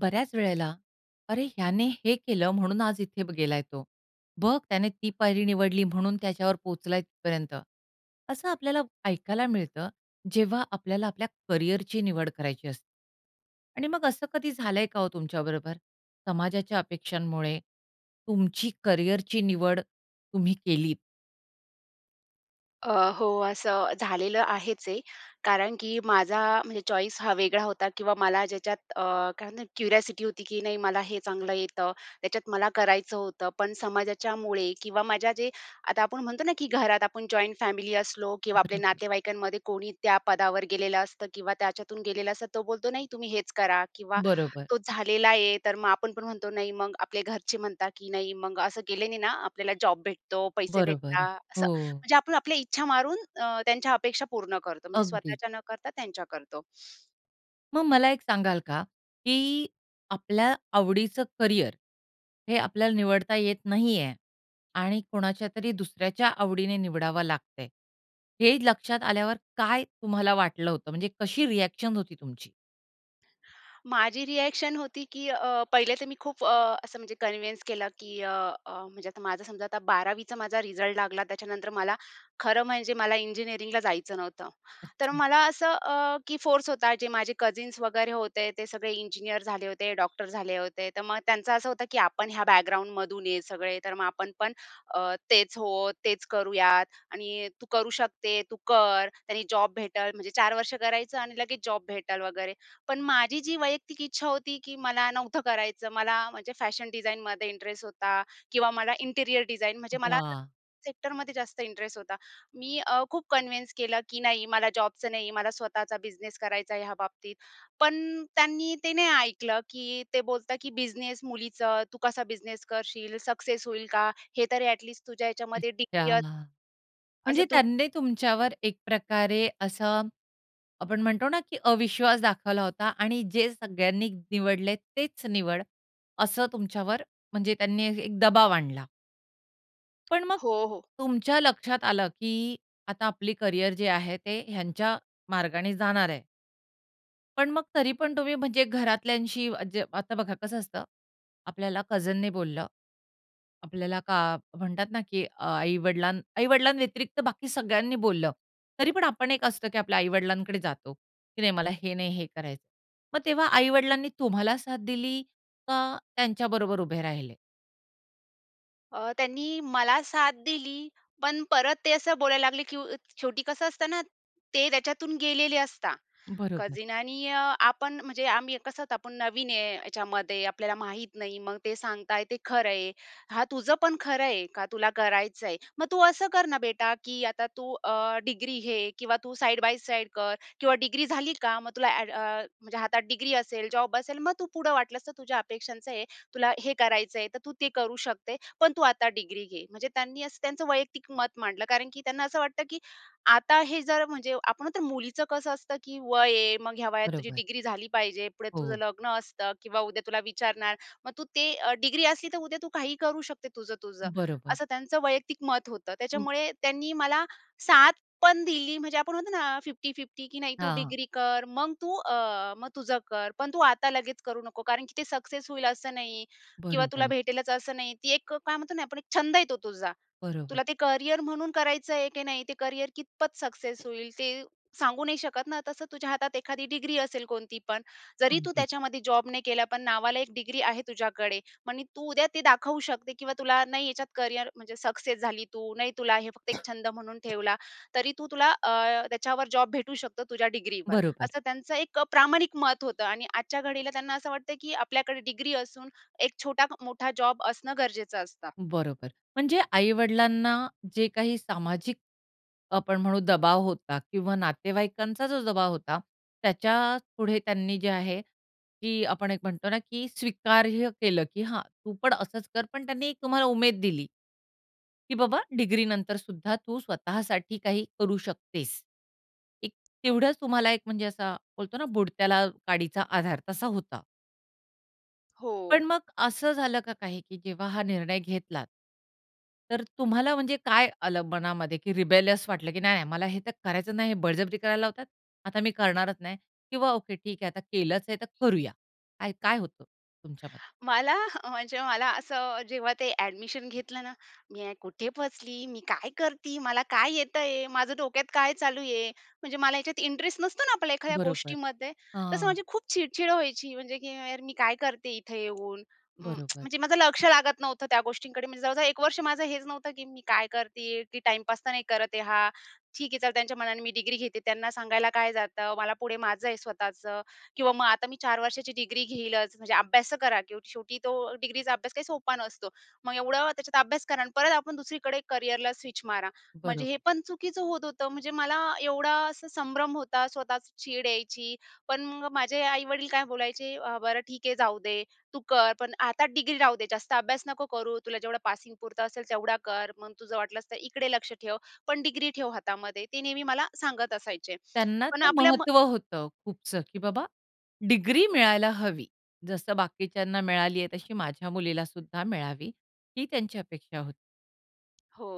बऱ्याच वेळेला "अरे, ह्याने हे केलं, म्हणून आज इथे बघ गेलाय तो. बघ त्याने ती पायरी निवडली म्हणून त्याच्यावर पोहोचलाय तिथपर्यंत." असं आपल्याला ऐकायला मिळतं. जेव्हा आपल्याला आपल्या करियरची निवड करायची असते. आणि मग असं कधी झालंय का हो तुमच्याबरोबर, समाजाच्या अपेक्षांमुळे तुमची करियरची निवड तुम्ही केलीत? अ, हो. असं झालेलं आहेच आहे. कारण की माझा म्हणजे चॉईस हा वेगळा होता किंवा मला ज्याच्यात अ, काय म्हणतात क्युरिऑसिटी होती की नाही मला हे चांगलं येतं. त्याच्यात मला करायचं होतं. पण समाजाच्यामुळे किंवा माझ्या जे, आता आपण म्हणतो ना की घरात आपण जॉइंट फॅमिली असलो किंवा आपल्या बरोबर. नातेवाईकांमध्ये कोणी त्या पदावर गेलेलं असतं किंवा त्याच्यातून गेलेलं असतं. तर तो बोलतो, "नाही तुम्ही हेच करा" किंवा बरोबर. तो झालेला आहे. तर मग आपण पण म्हणतो, नाही. मग आपले घरचे म्हणतात की "नाही मग असं केल्यानी ना, आपल्याला जॉब भेटतो, पैसे बरोबर. भेटतात." असं हो. म्हणजे आपण आपल्या इच्छा मारून अं, त्यांच्या अपेक्षा पूर्ण करतो. म्हणजे अगदीच. स्वतःच्या न करता त्यांच्या करतो. मग मला एक सांगाल का, की आपल्या आवडीचं करियर हे आपल्याला निवडता येत नाहीये आणि कोणाच्यातरी दुसऱ्याच्या आवडीने निवडावं लागतंय, हे लक्षात आल्यावर काय तुम्हाला वाटलं होतं? म्हणजे कशी रीॲक्शन होती तुमची? माझी रिएक्शन होती की अ, पहिले तर मी खूप अ, असं म्हणजे कन्विन्स केलं की अ, अ, म्हणजे आता माझं समजा आता 12वीचा माझा रिझल्ट लागला, त्याच्यानंतर मला खरं म्हणजे मला इंजिनिअरिंगला जायचं नव्हतं. तर अच्छा. मला असं अ, की फोर्स होता जे माझे कझिन्स वगैरे होते. ते सगळे इंजिनिअर झाले होते, डॉक्टर झाले होते. तर मग त्यांचं असं होतं की आपण ह्या बॅकग्राऊंडमधून आहे सगळे. तर मग "आपण पण अ, तेच हो, तेच करूयात आणि तू करू शकते, तू कर. त्याने जॉब भेटेल." म्हणजे 4 वर्ष करायचं आणि लगेच जॉब भेटेल वगैरे. पण माझी जी वैयक्तिक इच्छा होती की मला नव्हतं करायचं. मला म्हणजे फॅशन डिझाइनमध्ये इंटरेस्ट होता किंवा मला इंटिरिअर डिझाइन, म्हणजे मला त्या वाह! सेक्टरमध्ये जास्त इंटरेस्ट होता. मी अ, खूप कन्विन्स केलं की नाही मला जॉबचं नाही, मला स्वतःचा बिझनेस करायचा आहे ह्या बाबतीत. पण त्यांनी ते नाही ऐकलं, की ते बोलता की "बिझनेस मुलीचं. तू कसा बिझनेस करशील? सक्सेस होईल का? हे तरी ॲटलिस्ट तुझ्या ह्याच्यामध्ये डिग्री अच्छा. अस" असं म्हणजे तु त्यांनी तुमच्यावर एक प्रकारे असं आपण म्हणतो ना, की अविश्वास दाखवला होता आणि जे सगळ्यांनी निवडलंय तेच निवड, असं तुमच्यावर म्हणजे त्यांनी ए एक दबाव आणला. पण मग हो, हो. तुमच्या लक्षात आलं की आता आपली करियर जे आहे, ते ह्यांच्या मार्गाने जाणार आहे. पण मग तरी पण तुम्ही म्हणजे घरातल्यांशी अ, जे आता बघा कसं असतं, आपल्याला कझीनने बोललं. आपल्याला का म्हणतात ना, की अ, आई-वडिलां आई-वडिलांव्यतिरिक्त बाकी सगळ्यांनी बोललं, तरी पण आपण एक असतं की आपल्या आई-वडिलांकडे जातो. की नाही, मला हे नाही हे करायचं. मग तेव्हा आई-वडिलांनी तुम्हाला साथ दिली, का त्यांच्याबरोबर उभे राहिले? अ, त्यांनी मला साथ दिली, पण परत ते असं बोलायला लागले की उ अ, शेवटी कसं असतं ना, ते त्याच्यातून गेलेले असतात बरोबर. कझीन. आणि अ, आपण म्हणजे आम्ही कसं आता आपण नवीन आहे ह्याच्यामध्ये, आपल्याला माहित नाही. मग ते सांगताय ते खरं आहे. "हां, तुझं पण खरं आहे. का तुला करायचंय. मग तू असं कर ना बेटा की आता तू अ, डिग्री घे किंवा तू साइड बाय साइड कर किंवा डिग्री झाली का मग तुला अ‍ॅड अ, म्हणजे हातात डिग्री असेल, जॉब असेल. मग तू पुढं वाटलंस तर तुझ्या अपेक्षांचं आहे. तुला हे करायचंय, तर तू ते करू शकते. पण तू आता डिग्री घे." म्हणजे त्यांनी असं त्यांचं वैयक्तिक मत मांडलं, कारण की त्यांना असं वाटतं की आता हे जर म्हणजे आपण म्हणतो ना मुलीचं कसं असतं, की वय आहे. मग ह्या वयात तुझी बरोबर. डिग्री झाली पाहिजे. पुढे तुझं हो. लग्न असतं किंवा उद्या तुला विचारणार. मग तू ते अ, डिग्री असली, तर उद्या तू काहीही करू शकते तुझं-तुझं. बरोबर. असं त्यांचं वैयक्तिक मत होतं. हं. त्याच्यामुळे त्यांनी मला साथ पण दिली. म्हणजे आपण म्हणतो ना अ, 50-50 की नाही तू हां. डिग्री कर, मग तू अ, मग तुझं कर. पण तू आता लगेच करू नको. कारण की ते सक्सेस होईल असं नाही किंवा तुला बरोबर. भेटेलच असं नाही. ती एक अ, काय म्हणतो ना आपण एक छंद आहे तो तुझा. बरोबर. तुला ते करियर म्हणून करायचं आहे की नाही? ते करियर कितपत सक्सेस होईल ते सांगू नाही शकत ना. तसं तुझ्या हातात एखादी डिग्री असेल कोणती पण. जरी तू अगदीच. त्याच्यामध्ये जॉब नाही केला, पण नावाला एक डिग्री आहे तुझ्याकडे. म्हणजे तू उद्या ते दाखवू शकते किंवा तुला नाही याच्यात करियर म्हणजे सक्सेस झाली तू, नाही तुला हे फक्त एक छंद म्हणून ठेवला. तरी तू तुला अ, त्याच्यावर जॉब भेटू शकतो, तुझ्या डिग्रीवर. बरोबर. असं त्यांचं एक अ, प्रामाणिक मत होतं आणि आजच्या घडीला त्यांना असं वाटतं, की आपल्याकडे डिग्री असून एक छोटा-मोठा जॉब असणं गरजेचं असतं. बरोबर म्हणजे आई-वडिलांना जे काही सामाजिक आपण म्हणू दबाव होता किंवा नातेवाईकांचा जो दबाव होता, त्याच्या पुढे त्यांनी जे आहे की आपण एक म्हणतो ना, की स्वीकार्य केलं की "हां, तू पण असंच कर." पण त्यांनी एक तुम्हाला उमेद दिली की बाबा डिग्रीनंतर सुद्धा तू स्वतःसाठी काही करू शकतेस. एक अ तेवढ्याच तुम्हाला एक म्हणजे असा बोलतो ना, "बुडत्याला काडीचा आधार" तसा होता. पण हो. मग असं झालं का काही? की जेव्हा हा निर्णय घेतलात तर तुम्हाला म्हणजे काय आलं मनामध्ये? की रिबेलस वाटलं, की "नाही नाही, मला हे तर करायचं नाही, हे बळजबरी करायला लावतात, आता मी करणारच नाही!" किंवा "ओके ठीक आहे आता केलंच आहे तर करूया." काय, काय होतं तुमच्याब मला अ, म्हणजे मला असं जेव्हा ते ॲडमिशन घेतलं ना, "मी हे कुठे फसली? मी काय करती? मला काय येतंय? माझं डोक्यात काय चालू आहे?" म्हणजे मला याच्यात इंटरेस्ट नसतो ना आपल्याला एखाद्या बरोबर. गोष्टीमध्ये तसं हां. माझी खूप चिडचिड व्हायची म्हणजे, की "यार मी काय करते इथे येऊन?" अं, बरोबर. म्हणजे माझं लक्ष लागत नव्हतं त्या गोष्टींकडे मी जवळ-जवळ एक वर्ष माझं हेच नव्हतं, की मी काय करते आहे, की टाईमपास तर नाही करत आहे हा. ठीक आहे चाल त्यांच्या मनाने मी डिग्री घेते त्यांना सांगायला काय जातं. मला पुढे माझं आहे स्वतःचं. किंवा मग आता मी 4 वर्षाची डिग्री घेईलच म्हणजे अभ्यास तर करा, की शेवटी तो डिग्रीचा अभ्यास काही सोपा नसतो. मग एवढं त्याच्यात अभ्यास करा आणि परत आपण दुसरीकडे करियरला स्विच मारा. म्हणजे बरोब हे पण चुकीचं होत होतं म्हणजे मला एवढा असा संभ्रम होता स्वतःच चीड यायची पण मग माझे आई-वडील काय बोलायचे अ, "बरं ठीक आहे, जाऊ दे तू कर, पण आता डिग्री राहू दे जास्त अभ्यास नको करू तुला जेवढं पासिंग पुरतं असेल तेवढा कर. मग तुझं वाटलंस तर इकडे लक्ष ठेव, पण डिग्री ठेव हातामध्ये." ते नेहमी मला सांगत असायचे. त्यांना पण ते आपल्या म महत्व होतं खूपसं, की बाबा डिग्री मिळायला हवी जसं बाकीच्यांना मिळाली आहे तशी माझ्या मुलीला सुद्धा मिळावी, ही त्यांची अपेक्षा होती. हो.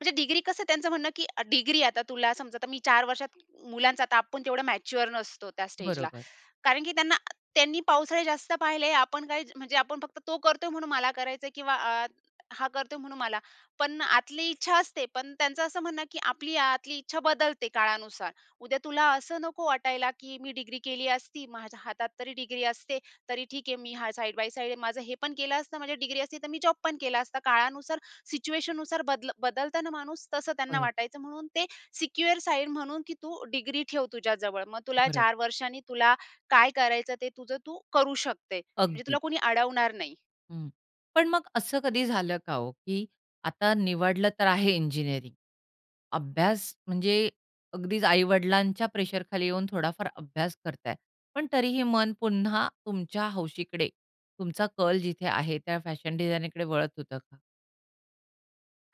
म्हणजे डिग्री कसं त्यांचं म्हणणं की डिग्री आता तुला समजा आता मी 4 वर्षात मुलांचा आता आपण तेवढा मॅच्युअर नसतो त्या स्टेजला. बरोबर. कारण की त्यांना त्यांनी पावसाळे जास्त पाहिले, आपण काय म्हणजे? आपण फक्त तो करतोय म्हणून मला करायचंय किंवा अ, हा करतोय म्हणून मला. पण आतली इच्छा असते. पण त्यांचं असं म्हणणं की आपली आतली इच्छा बदलते काळानुसार. उद्या तुला असं नको वाटायला की मी डिग्री केली असती, माझ्या हातात तरी डिग्री असते, तरी ठीक आहे मी हा साइड बाय साइड आहे माझं, हे पण केलं असतं माझी डिग्री असती तर मी जॉब पण केला असता. काळानुसार सिच्युएशननुसार बदल बदलत ना माणूस तसं त्यांना बरं. वाटायचं म्हणून ते सिक्युअर साइड म्हणून की तू डिग्री ठेव तुझ्याजवळ. मग तुला बरोब 4 वर्षांनी तुला काय करायचं, ते तुझं तू करू शकते. म्हणजे तुला अगदीच. कोणी अडवणार नाही. हं. पण मग असं कधी झालं का ओ, की आता निवडलं तर आहे इंजिनिअरिंग, अभ्यास म्हणजे अगदीच आई-वडिलांच्या प्रेशर खाली येऊन थोडाफार अभ्यास करताय. पण तरीही मन पुन्हा तुमच्या हौशीकडे तुमचा कल जिथे आहे त्या फॅशन डिझायनकडे वळत होतं का?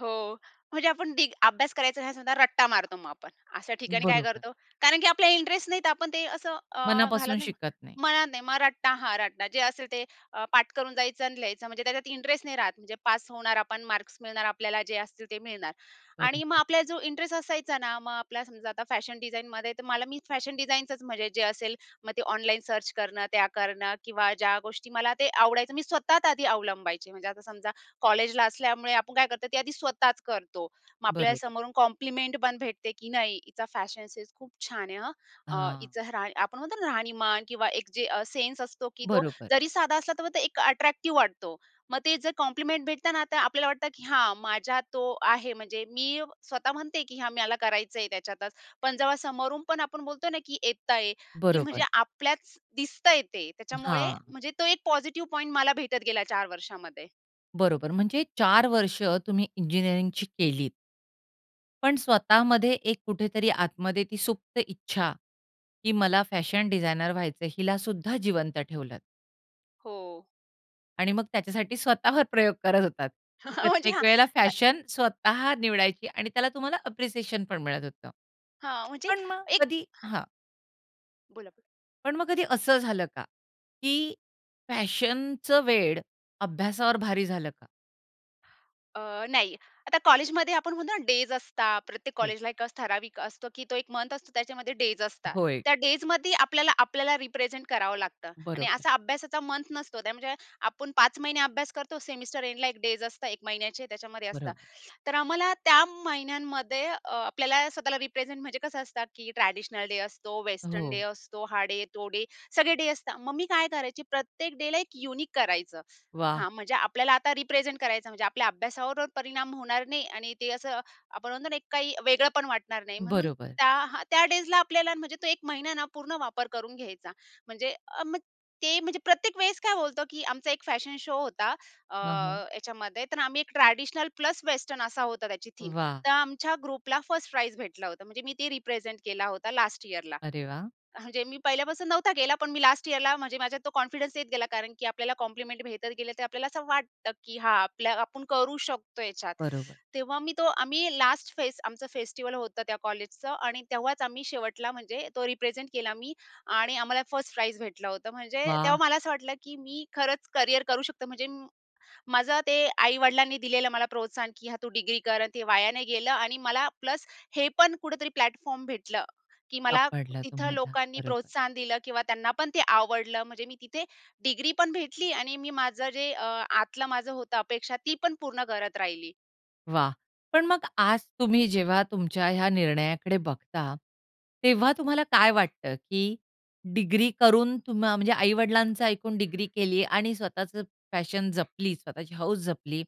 हो. म्हणजे आपण डिग अभ्यास करायचा नसेन तर रट्टा मारतो मग आपण. अशा ठिकाणी काय बरोबर. करतो? कारण की आपल्याला इंटरेस्ट नाही तर आपण ते असं अ, घालत मनापासून नाही. शिकत नाही. म्हणत नाही. मग रट्टा, हां. रट्टा जे असेल ते अ, पाठ करून जायचं आणि लिहायचं. म्हणजे त्याच्यात इंटरेस्ट नाही राहत. म्हणजे पास होणार आपण मार्क्स मिळणार आपल्याला जे असतील ते मिळणार. आणि मग बरोबर. आपल्याला जो इंटरेस्ट असायचा ना, मग आपल्याला समजा आता फॅशन डिझाइनमध्ये तर मला मी फॅशन डिझाईनचंच म्हणजे जे असेल, मग ते ऑनलाईन सर्च करणं, त्या करणं किंवा ज्या गोष्टी मला ते आवडायचं मी स्वतःच आधी अवलंबायचे. म्हणजे आता समजा कॉलेजला असल्यामुळे आपण काय करतो? ते आधी स्वतःच करतो. मग आपल्याला बरोब समोरून कॉम्प्लिमेंट पण भेटते की नाही हिचा फॅशन सेन्स खूप छान आहे हं. अ, हां. हिचं राह आपण म्हणतो ना राहणीमान किंवा एक जे अ, सेन्स असतो की तो बरोबर. जरी साधा असला तरी तो एक अट्रॅक्टिव्ह वाटतो. मग ते जर कॉम्प्लिमेंट भेटत ना, तर आपल्याला वाटतं की हां माझ्या तो आहे. म्हणजे मी स्वतः म्हणते की "हां, मला करायचंय त्याच्यातच." पण जेव्हा समोरून पण आपण बोलतो ना, की येतंय की म्हणजे बरोबर. आपल्याच दिसतंय ते त्याच्यामुळे हां. म्हणजे तो एक पॉझिटिव्ह पॉइंट मला भेटत गेला 4 वर्षामध्ये. बरोबर. म्हणजे 4 वर्ष तुम्ही इंजिनिअरिंगची केलीत. पण स्वतःमध्ये एक कुठेतरी आतमध्ये ती सुप्त इच्छा की मला फॅशन डिझायनर व्हायचंय, हिला सुद्धा जिवंत ठेवलत. हो. आणि मग त्याच्यासाठी स्वतःवर प्रयोग करत होतात. म्हणजे प्रत्येक हां. वेळेला अ फॅशन स्वतः निवडायची आणि त्याला तुम्हाला अप्रिसिएशन पण मिळत होतं. हां. म्हणजे पण मग एक कधी हां. बोला, बोला. पण मग कधी असं झालं का की फॅशनचं वेड अभ्यासावर भारी झालं का? अ, नाही. आता कॉलेजमध्ये आपण म्हणतो ना डेज असतात. प्रत्येक हो. कॉलेजला एक ठराविक असतो की तो एक मंथ असतो त्याच्यामध्ये डेज असतात. होय. त्या डेजमध्ये आपल्याला, आपल्याला रिप्रेझेंट करावं लागतं. आणि बरोबर. असा अभ्यासाचा मंथ नसतो. म्हणजे आपण 5 महिने अभ्यास करतो सेमिस्टर एंडला 1 डेज असतात, एक महिन्याचे त्याच्यामध्ये असतात. बरोबर. तर आम्हाला त्या महिन्यांमध्ये अ, आपल्याला स्वतःला रिप्रेझेंट म्हणजे कसं असतं की ट्रेडिशनल डे असतो, वेस्टर्न डे हो. असतो, हा डे, तो डे, सगळे डे असतात. मग मी काय करायची प्रत्येक डेला एक युनिक करायचं. वाह! हा, म्हणजे आपल्याला आता रिप्रेझेंट करायचं म्हणजे आपल्या अभ्यासावर परिणाम होणार नाही आणि ते असं आपण म्हणतो ना एक काही वेगळं पण वाटणार नाही. म्हणून बरोबर. त्या त्या डेजला आपल्याला म्हणजे तो 1 महिना ना पूर्ण वापर करून घ्यायचा. म्हणजे अ, मग ते म्हणजे प्रत्येक वेळेस काय होतं की आमचा 1 फॅशन शो होता. अ, हं, हं. ह्याच्यामध्ये तर आम्ही एक ट्रेडिशनल प्लस वेस्टर्न असा होता त्याची थीम. वाह! तर आमच्या ग्रुपला 1st प्राइज भेटलं होता. म्हणजे मी ते रिप्रेझेंट केला होता लास्ट यिअरला. अरे वाह! म्हणजे मी पहिल्यापासून नव्हता केला, पण मी लास्ट यिअरला म्हणजे माझ्यात तो कॉन्फिडन्स येत गेला, कारण की आपल्याला कॉम्प्लिमेंट भेटत गेले, तर आपल्याला असं वाटतं की हां, आपल्या आपण करू शकतो ह्याच्यात. बरोबर. तेव्हा मी तो आम्ही लास्ट फेस्ट आमचं फेस्टिवल होतं त्या कॉलेजचं आणि तेव्हाच आम्ही शेवटला म्हणजे तो रिप्रेझेंट केला मी आणि आम्हाला 1st प्राइज भेटलं होतं. म्हणजे वाह! तेव्हा मला असं वाटलं की मी खरंच करियर करू शकते. म्हणजे माझं ते आई-वडिलांनी दिलेलं मला प्रोत्साहन की हा, तू डिग्री कर आणि ते वाया नाही गेलं आणि मला प्लस हे पण कुठेतरी प्लॅटफॉर्म भेटलं की मला सापडला तिथं तुम्हाला. लोकांनी बरोबर. प्रोत्साहन दिलं किंवा त्यांना पण ते आवडलं म्हणजे मी तिथे डिग्री पण भेटली आणि मी माझं जे अ, आतलं माझं होतं अपेक्षा ती पण पूर्ण करत राहिली. वाह! पण मग आज तुम्ही जेव्हा तुमच्या ह्या निर्णयाकडे बघता, तेव्हा तुम्हाला काय वाटतं, की डिग्री करून तुम म्हणजे आई-वडिलांचं ऐकून डिग्री केली आणि स्वतःच पॅशन जपली स्वतःची हौस जपली.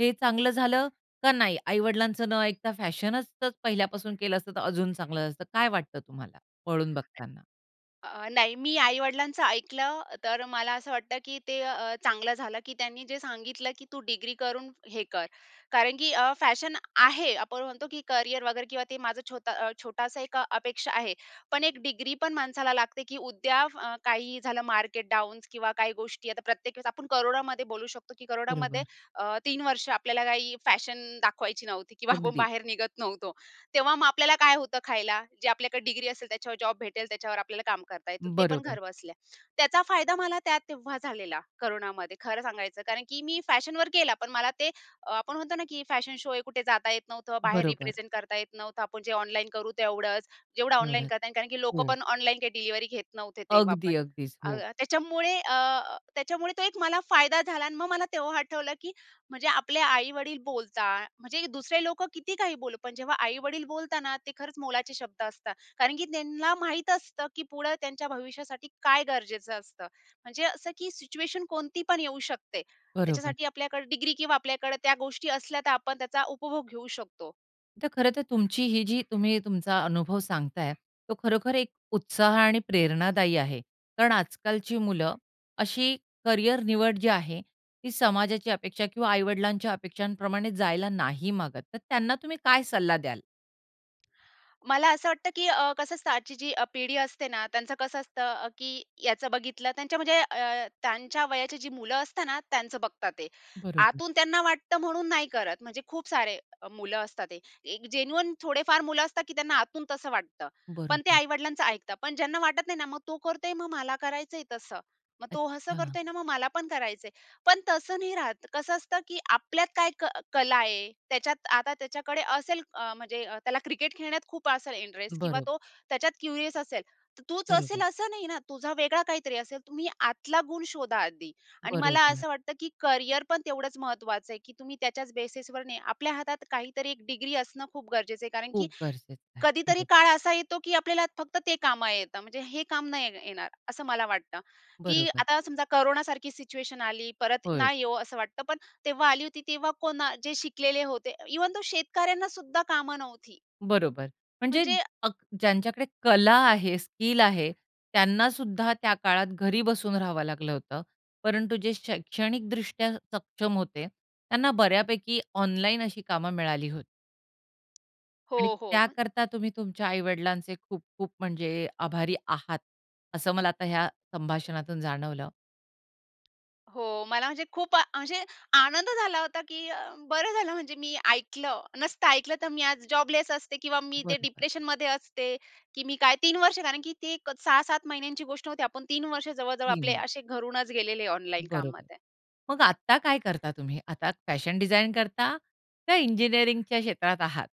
हे चांगलं झालं का नाही? आई-वडिलांचं न ऐकता फॅशनच जर पहिल्यापासून केलं असतं तर अजून चांगलं असतं, काय वाटतं तुम्हाला वळून बघताना? अ, नाही मी आई-वडिलांचं ऐकलं, तर मला असं वाटतं की ते अ, चांगलं झालं, की त्यांनी जे सांगितलं की तू डिग्री करून हे कर. कारण की अ, फॅशन आहे आपण म्हणतो की करियर वगैरे किंवा ते माझं छोट छोटासा एक अपेक्षा आहे. पण एक डिग्री पण माणसाला लागते की उद्या फ काही झालं, मार्केट डाऊन किंवा काही गोष्टी. आता प्रत्येक वेळेस आपण कोरोनामध्ये बोलू शकतो की कोरोनामध्ये बरोबर. अ, 3 वर्ष आपल्याला काही फॅशन दाखवायची नव्हती किंवा आपण अगदी. बाहेर निघत नव्हतो. तेव्हा मग आपल्याला काय होतं खायला? जे आपल्याकडे डिग्री असेल त्याच्यावर जॉब भेटेल, त्याच्यावर आपल्याला काम करता येतं. ते पण बरोबर. घरबसल्या. त्याचा फायदा मला त्या तेव्हा झालेला कोरोनामध्ये खरं सांगायचं, कारण की मी फॅशनवर केला, पण मला ते आपण म्हणतो ना की फॅशन शो हे कुठे जाता येत नव्हतं. बाहेर बरोबर. रिप्रेझेंट करता येत नव्हतं. आपण जे ऑनलाईन करू तेवढंच. जेवढं ऑनलाईन एवढ्यात, करता येईल, कारण की लोकं हो. पण ऑनलाईन काही डिलिव्हरी घेत नव्हते तेव्हा पण. अगदी, अगदीच. अ, हो. त्याच्यामुळे अ, त्याच्यामुळे तो एक फायदा झाला आणि मग मला तेव्हा आठवलं की म्हणजे आपले आई-वडील बोलतात, म्हणजे दुसरे लोक किती काही बोलू, पण जेव्हा आई-वडील बोलताना ते खरंच मोलाचे शब्द असता, कारण की त्यांना माहित असतं की पुढे त्यांच्या भविष्यासाठी काय गरजेचं असतं. म्हणजे असं की सिच्युएशन कोणती पण येऊ शकते. बरोबर. त्याच्यासाठी आपल्याकडे डिग्री किंवा आपल्याकडे त्या गोष्टी असल्या तर आपण त्याचा उपभोग घेऊ शकतो. तर खरं तर तुमची ही जी तुम्ही तुमचा अनुभव सांगताय, तो खरोखर एक उत्साह आणि प्रेरणादायी आहे. कारण आजकालची मुलं अशी करियर निवड जी आहे, ती समाजाची अपेक्षा किंवा आई-वडिलांच्या अपेक्षांप्रमाणे जायला नाही मागत, तर त्यांना तुम्ही काय सल्ला द्याल? मला असं वाटतं की अ, कसं असतं आजची जी अ, पिढी असते ना त्यांचं कसं असतं अ, की याचं बघितलं त्यांच्या म्हणजे अ, त्यांच्या वयाची जी मुलं असतात ना, त्यांच बघतात ते. बरोबर. आतून त्यांना वाटतं म्हणून नाही करत, म्हणजे खूप सारे अ, मुलं असतात ते. एक जेन्युइन थोडे फार मुलं असतात की त्यांना आतून तसं वाटतं. पण ते बरोबर. आई-वडिलांचं ऐकतात. पण ज्यांना वाटत नाही ना, मग तो करतोय मग मला करायचंय तसं. मग तो असं अच्छा! करतोय ना मग मला पण करायचंय. पण तसं नाही राहत. कसं असतं की आपल्यात काय क कला आहे, त्याच्यात आता त्याच्याकडे असेल अ, म्हणजे त्याला क्रिकेट खेळण्यात खूप असेल इंटरेस्ट किंवा बरं. तो त्याच्यात क्युरियस असेल. तर तोच असेल बरोबर. असं नाही ना तुझा वेगळा काहीतरी असेल तुम्ही आतला गुण शोधा आधी आणि मला बरोबर. असं वाटतं की करियर पण तेवढंच महत्त्वाचं आहे की तुम्ही त्याच्याच बेसिसवर नाही, आपल्या हातात काहीतरी एक डिग्री असणं खूप गरजेचं आहे. कारण की खूप गरजेचं आहे. कधीतरी बरं. काळ असा येतो की आपल्याला फक्त ते कामा येतं म्हणजे हे काम नाही येणार, असं मला वाटतं. की बरोबर. आता समजा कोरोनासारखी सिच्युएशन आली, परत होय. ना येवो असं वाटतं. पण तेव्हा आली होती तेव्हा कोणा जे शिकलेले होते इव्हन दो शेतकऱ्यांना सुद्धा कामं नव्हती. बरोबर. म्हणजे म्हणजे अ अग ज्यांच्याकडे कला आहे, स्किल आहे त्यांना सुद्धा त्या काळात घरी बसून राहावं लागलं होतं. परंतु जे शैक्षणिकदृष्ट्या सक्षम होते त्यांना बऱ्यापैकी ऑनलाईन अशी कामं मिळाली होती. हो, आणि हो म त्याकरता तुम्ही तुमच्या आई-वडिलांचे खूप खूप म्हणजे आभारी आहात असं मला आता ह्या संभाषणातून जाणवलं. हो मला म्हणजे खूप म्हणजे आनंद झाला होता, की अ, बरं झालं म्हणजे मी ऐकलं. नसतं ऐकलं तर मी आज जॉबलेस असते किंवा मी इथे बरोबर. डिप्रेशनमध्ये असते. की मी काय 3 वर्ष कारण की ती एक 6-7 महिन्यांची गोष्ट होती. आपण 3 वर्ष जवळ-जवळ आपले [unintelligible] असे घरूनच गेलेले ऑनलाईन बरोबर. कामामध्ये. मग आता काय करता तुम्ही? आता फॅशन डिझाइन करता का इंजिनिअरिंगच्या क्षेत्रात आहात?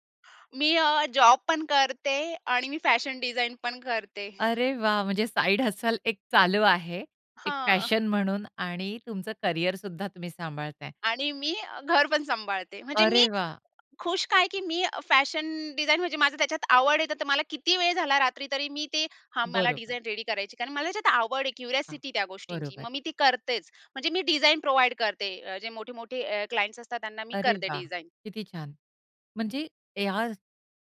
मी अ, जॉब पण करते आणि मी फॅशन डिझाइन पण करते. अरे वाह! म्हणजे साइड हस्टल एक चालू आहे. एक हां. फॅशन म्हणून आणि तुमचं करियर सुद्धा तुम्ही सांभाळताय. आणि मी अ, घर पण सांभाळते. म्हणजे मी अरे वाह! खुश का आहे, की मी फॅशन डिझाइन म्हणजे माझं त्याच्यात आवड आहे. तर मला किती वेळ झाला रात्री तरी मी ते हा मला बरोबर. डिझाइन रेडी करायची, कारण मला त्याच्यात आवड आहे, हां, क्युरिओसिटी त्या गोष्टींची. बरोबर. मग मी ती करतेच. म्हणजे मी डिझाइन प्रोव्हाईड करते जे मोठे-मोठे अ, क्लायंट्स असतात त्यांना मी अरे करते वाह! डिझाइन. किती छान. म्हणजे या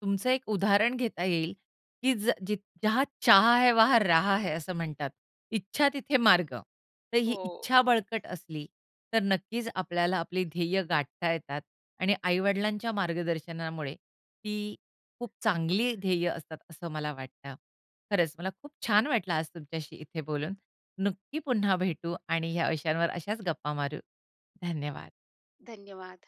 तुमचं एक उदाहरण घेता येईल, की ज जित जहाँ चाह है, वहाँ राह है. असं म्हणतात. "इच्छा तिथे मार्ग." तर ही हो. इच्छा बळकट असली तर नक्कीच आपल्याला आपली ध्येय गाठता येतात. आणि आई-वडिलांच्या मार्गदर्शनामुळे ती खूप चांगली ध्येय असतात, असं मला वाटतं. खरंच मला खूप छान वाटलं आज तुमच्याशी इथे बोलून. नक्की पुन्हा भेटू आणि या विषयांवर अशाच गप्पा मारू. धन्यवाद! धन्यवाद.